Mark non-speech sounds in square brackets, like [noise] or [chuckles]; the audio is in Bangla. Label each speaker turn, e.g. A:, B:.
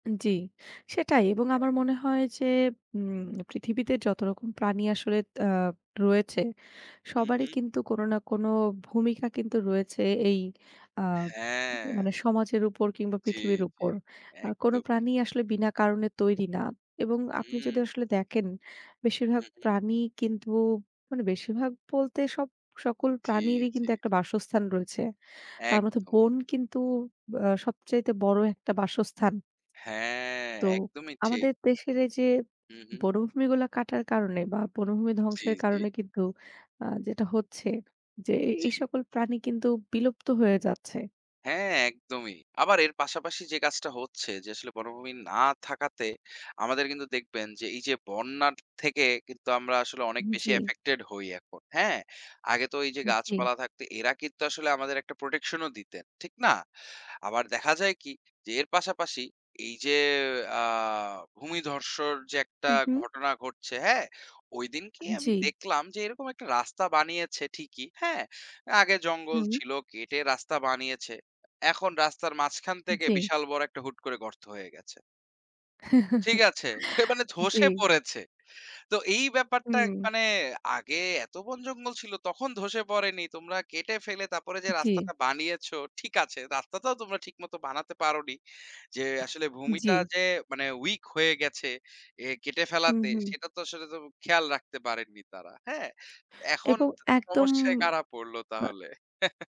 A: আ জি, সেটাই এবং
B: হ্যাঁ।
A: আমার মনে হয় যে উম পৃথিবীতে যতরকম প্রাণী আসলে দ আ রয়েছে,
B: হুম,
A: সবারই
B: হুম।
A: কিন্তু কোন না, কোন ভূমিকা কিন্তু রয়েছে, এই আ
B: হ্যাঁ।
A: মানে সমাজের উপর কিংবা
B: জি,
A: পৃথিবীর
B: জি,
A: উপর। আ কোনো
B: একদমই।
A: প্রাণী আসলে বিনা কারণে তৈরি না, এবং আপনি যদি
B: হুম।
A: আসলে দেখেন, বেশিরভাগ
B: হুম, হুম।
A: প্রাণী কিন্তু মানে বেশিরভাগ বলতে সব সকল
B: জি,
A: প্রাণীরই
B: জি।
A: কিন্তু একটা বাসস্থান রয়েছে। তার মধ্যে
B: একদমই।
A: বন কিন্তু ব আ সবচাইতে বড় একটা বাসস্থান।
B: হ্যাঁ,
A: তো
B: একদমই ঠিক।
A: আমাদের দেশের এই যে
B: হুম, হুম।
A: বনভূমিগুলো কাটার কারণে, বা বনভূমি
B: জি,
A: ধ্বংসের
B: জি।
A: কারণে, কিন্তু আ যেটা হচ্ছে যে, এ এই
B: জি।
A: সকল প্রাণী কিন্তু বিলুপ্ত হয়ে যাচ্ছে।
B: হ্যাঁ, একদমই আবার এর পাশাপাশি যে কাজটা হচ্ছে যে, আসলে বনভূমি না থাকাতে, আমাদের কিন্তু দেখবেন যে, এই যে বন্যার থেকে কিন্তু আমরা আসলে
A: আ
B: অনেক বেশি
A: জি।
B: এফেক্টেড হই এখন। হ্যাঁ? আগে তো এই যে
A: উ জি।
B: গাছপালা থাকতে এরা কিন্তু আসলে আমাদের একটা প্রোটেকশন ও দিতেন, ঠিক না? আবার দেখা যায় কি? যে, এর পাশাপাশি এই যে আ ভূমিধসের যে একটা
A: হুম, হুম।
B: ঘটনা ঘটছে, হ্যাঁ? ওইদিন কি আমি
A: জি।
B: দেখলাম যে, এরকম একটা রাস্তা বানিয়েছে ঠিকই, হ্যাঁ? আগে জঙ্গল
A: হুম।
B: ছিল কেটে রাস্তা বানিয়েছে। এখন রাস্তার মাঝখান থেকে
A: জি।
B: বিশাল বড় একটা হুট করে গর্ত হয়ে গেছে। ঠিক
A: [chuckles]
B: আছে, [scoffs] মানে ধ্বসে
A: জি।
B: পড়েছে। তো এই ব্যাপারটা
A: হুম।
B: মানে আগে এত বন জঙ্গল ছিল তখন ধ্বসে পড়েনি। তোমরা কেটে ফেলে তারপরে যে
A: জি।
B: রাস্তাটা বানিয়েছো, ঠিক আছে, রাস্তাটাও তোমরা ঠিক মতো বানাতে পারোনি। যে আসলে ভূমিটা
A: জি।
B: যে মানে, উইক হয়ে গেছে এ কেটে
A: হুম,
B: ফেলাতে।
A: হুম।
B: সেটা তো আসলে তো খেয়াল রাখতে পারেননি তারা, হ্যাঁ? এখন
A: এবং
B: দ
A: একদম
B: সমস্যায় কারা পড়লো
A: বা
B: তাহলে? [chuckles]